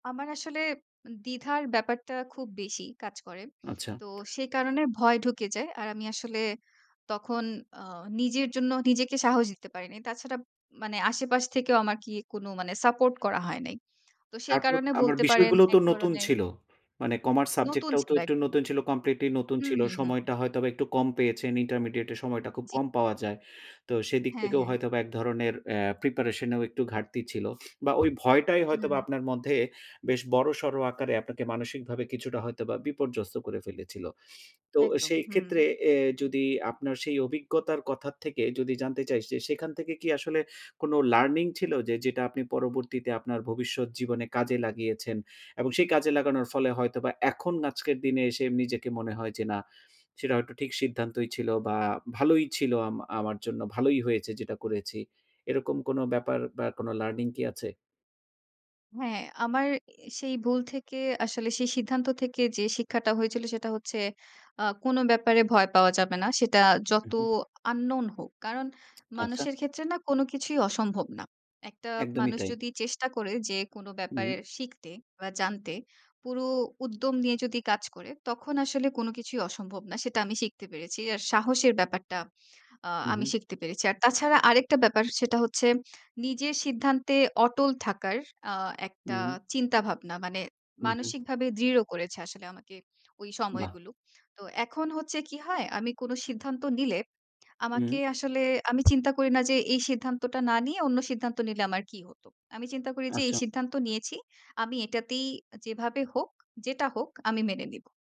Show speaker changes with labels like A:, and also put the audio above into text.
A: আমার আসলে দ্বিধার ব্যাপারটা, খুব বেশি কাজ করে।
B: আচ্ছা।
A: তো সেই কারণে, ভয় ঢুকে যায়, আর আমি আসলে তখন, আ নিজের জন্য নিজেকে সাহস দিতে পারি না। তাছাড়া, মানে আশেপাশ থেকেও আমাকে কোনো, মানে সাপোর্ট করা হয় নাই। তো, সেই
B: তারপর,
A: কারণে
B: আমার
A: বলতে পারেন,
B: বিষয়গুলোও তো
A: এক
B: নতুন
A: ধরনের
B: ছিল। মানে, কমার্স সাবজেক্ট
A: নতুন
B: টাও তো
A: ছিল
B: একটু
A: একদম।
B: নতুন ছিল কমপ্লিটলি নতুন
A: হুম,
B: ছিল।
A: হুম, হুম।
B: সময়টা হয়তোবা একটু কম পেয়েছেন। ইন্টারমিডিয়েট এ সময়টা খুব
A: জী।
B: কম পাওয়া যায়। তো সেদিক
A: হ্যাঁ,
B: থেকেও
A: হ্যাঁ।
B: হয়তোবা, এক ধরনের অ্যা প্রিপারেশন এও একটু ঘাটতি ছিল। বা ওই ভয়টাই হয়তোবা
A: হুম।
B: আপনার মধ্যে, বেশ বড়সড় আকারে আপনাকে মানসিকভাবে কিছুটা হয়তোবা বিপর্যস্ত করে ফেলেছিল। তো
A: একদম,
B: সেই ক্ষেত্রে
A: হুম।
B: এ যদি আপনার সেই অভিজ্ঞতার কথা থেকে যদি জানতে চাই যে, সেখান থেকে কি আসলে কোন লার্নিং ছিল যে, যেটা আপনি পরবর্তীতে আপনার ভবিষ্যৎ জীবনে কাজে লাগিয়েছেন এবং সেই কাজে লাগানোর ফলে হয়তোবা, এখন আজকের দিনে এসে, নিজেকে মনে হয় যে না, সেটা হয়তো ঠিক সিদ্ধান্তই ছিল বা ভালোই ছিল আ আমার জন্য ভালোই হয়েছে যেটা করেছি। এরকম কোন ব্যাপার, বা কোন লার্নিং কি আছে?
A: হ্যাঁ, আমার সেই ভুল থেকে আসলে সেই সিদ্ধান্ত থেকে যে শিক্ষাটা হয়েছিল সেটা হচ্ছে, আ কোনো ব্যাপারে ভয় পাওয়া যাবে না। সেটা
B: হুম,
A: যত
B: হুম।
A: আন্নোন হোক। কারণ
B: আচ্ছা।
A: মানুষের ক্ষেত্রে না, কোনো কিছুই অসম্ভব না। একটা
B: একদমই
A: মানুষ
B: তাই।
A: যদি চেষ্টা করে, যে কোনো
B: হুম,
A: ব্যাপারে
B: হুম।
A: শিখতে বা জানতে, পুরো উদ্যম নিয়ে যদি কাজ করে, তখন আসলে কোনো কিছুই অসম্ভব না সেটা আমি শিখতে পেরেছি। আর সাহসের ব্যাপারটা, আ
B: হুম,
A: আমি
B: হুম।
A: শিখতে পেরেছি। আর তাছাড়া আরেকটা ব্যাপার সেটা হচ্ছে, নিজের সিদ্ধান্তে অটল থাকার আ একটা
B: উহুম।
A: চিন্তাভাবনা। মানে
B: হুম, হুম।
A: মানসিকভাবে দৃঢ় করেছে আসলে আমাকে, ওই
B: বাহ!
A: সময়গুলো। তো এখন হচ্ছে কি হয়, আমি কোন সিদ্ধান্ত নিলে
B: উহুম।
A: আমাকে আসলে, আমি চিন্তা করি না যে এই সিদ্ধান্তটা না নিয়ে অন্য সিদ্ধান্ত নিলে আমার কী হত। আমি চিন্তা করি যে এই
B: আচ্ছা।
A: সিদ্ধান্ত নিয়েছি। আমি এটাতেই যেভাবে হোক, যেটা হোক, আমি মেনে নিব।